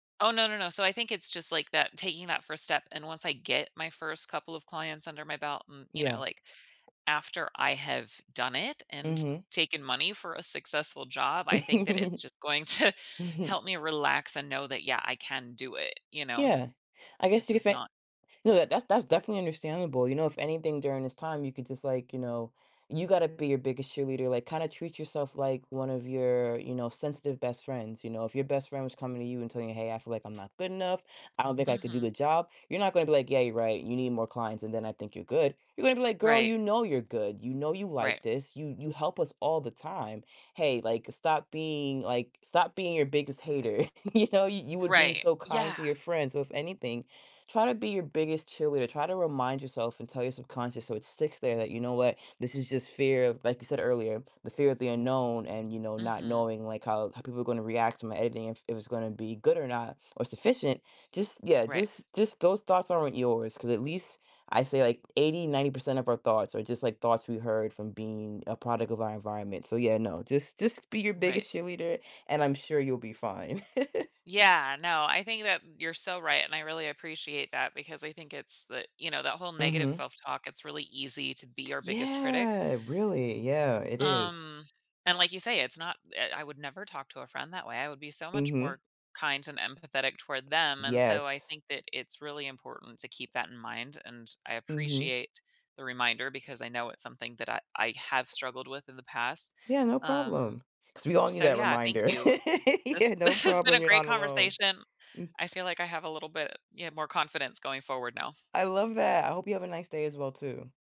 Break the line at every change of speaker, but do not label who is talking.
Oh, no no no. So I think it's just, like, that taking that 1st step, and once I get my 1st couple of clients under my belt, mm, you know,
Yeah.
like, after I have done it and t
Mhm.
taken money for a successful job, I think that it's just going to
Mhm.
help me relax and know that, yeah, I can do it. You know?
Yeah. I guess
This
you could
is
say
not
no, that that's that's definitely understandable, you know, if anything during this time, you could just, like, you know, you gotta be your biggest cheerleader, like, kinda treat yourself like one of your, you know, sensitive best friends, you know? If your best friend was coming to you and telling you, "Hey, I feel like I'm not good enough. I don't think I could do
Mhm.
the job." You're not gonna be, like, "Yeah, you're right. You need more clients, and then I think you're good." You're gonna be, like, "Girl,
Right.
you know you're good. You know you
Right.
like this. You you help us all the time. Hey, like, stop being, like, stop being your biggest hater." You know? Y you would be
Right,
so kind
yeah.
to your friends, so if anything, try to be your biggest cheerleader, try to remind yourself and tell your subconscious so it sticks there that, you know what? This is just fear of like, you said earlier, the fear of the unknown and, you know, not
Mhm.
knowing, like, how how people are gonna react to my editing if it was gonna be good or not or sufficient. Just yeah,
Right.
just just those thoughts aren't yours, 'cause at least I say, like, 80, 90% of our thoughts are just, like, thoughts we heard from being a product of our environment. So yeah, no. Just just be your
Right.
biggest cheerleader, and I'm sure you'll be fine.
Yeah, no, I think that you're so right, and I really appreciate that because I think it's the, you know, that whole negative
Mhm.
self-talk, it's really easy to be our biggest critic.
Yeah. Really. Yeah. It is.
Um, and like you say, it's not, eh, I would never talk to a friend that way, I would be so much
Mhm.
more kind and empathetic toward them. And so I
Yes.
think that it's really important to keep that in mind, and I
Mhm.
appreciate the reminder because I know it's something that I I have struggled with in the past.
Yeah, no
Um,
problem, 'cause we all need
so,
that
yeah, thank
reminder.
you. This
Yeah. No
this has been
problem,
a
you're
great
not alone.
conversation.
Mm.
I feel like I have a little bit, yeah, more confidence going forward now.
I love that, I hope you have a nice day as well, too.